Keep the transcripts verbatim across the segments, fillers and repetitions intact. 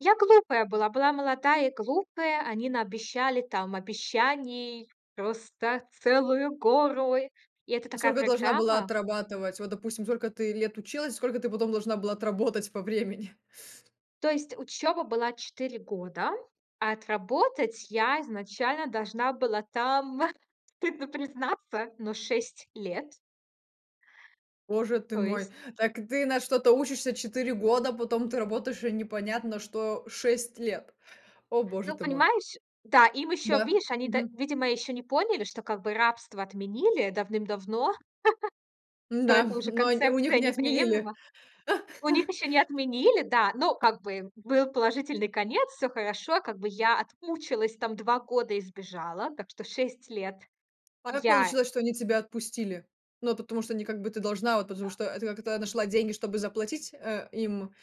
Я глупая была. Была молодая и глупая. Они наобещали там обещаний, просто целую гору. И это А такая сколько должна была программа отрабатывать? Вот, допустим, сколько ты лет училась, сколько ты потом должна была отработать по времени? То есть учёба была года года, а отработать я изначально должна была там, стыдно признаться, но шесть лет. Боже ты То мой, есть так ты на что-то учишься четыре года, потом ты работаешь и непонятно что шесть лет. О боже Ну, ты мой. понимаешь, да, им ещё, Да, видишь, они, да мгм. видимо, ещё не поняли, что как бы рабство отменили давным-давно, то М-да, эта уже но, э, у них концепция не отменили. неприемлема. У них ещё не отменили, да. Но как бы был положительный конец, всё хорошо. Как бы я отмучилась там два года и сбежала. Так что шесть лет А как я получилось, что они тебя отпустили? Ну, потому что не как бы ты должна, а вот потому А. что, э это как-то нашла деньги, чтобы заплатить, э, им,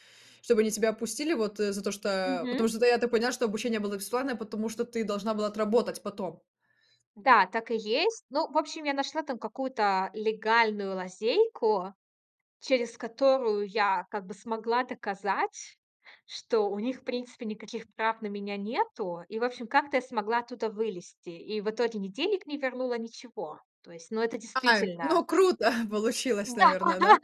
чтобы они тебя опустили, вот, э, за то, что, э, Мгм. потому что да, я так понимаю, что обучение было бесплатное, потому что ты должна была отработать потом. Да, так и есть. Ну, в общем, я нашла там какую-то легальную лазейку, через которую я как бы смогла доказать, что у них, в принципе, никаких прав на меня нету. И, в общем, как-то я смогла оттуда вылезти. И в итоге ни денег не вернула, ничего. То есть, ну, это Ай, действительно ну, круто получилось, Да. наверное, да?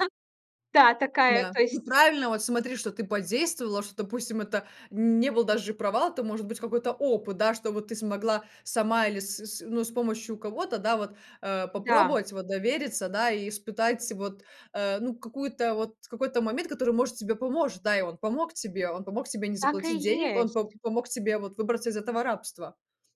Да, такая Да, то ну есть правильно, вот смотри, что ты подействовала, что, допустим, это не был даже провал, это может быть какой-то опыт, да, что вот ты смогла сама или с с, ну, с помощью кого-то, да, вот, э, Да. попробовать, вот довериться, да, и испытать вот, э, ну, какую-то вот, какой-то момент, который, может, тебе поможет, да, и он помог тебе, он помог тебе не Так и заплатить денег, он п есть. помог тебе вот выбраться из этого рабства.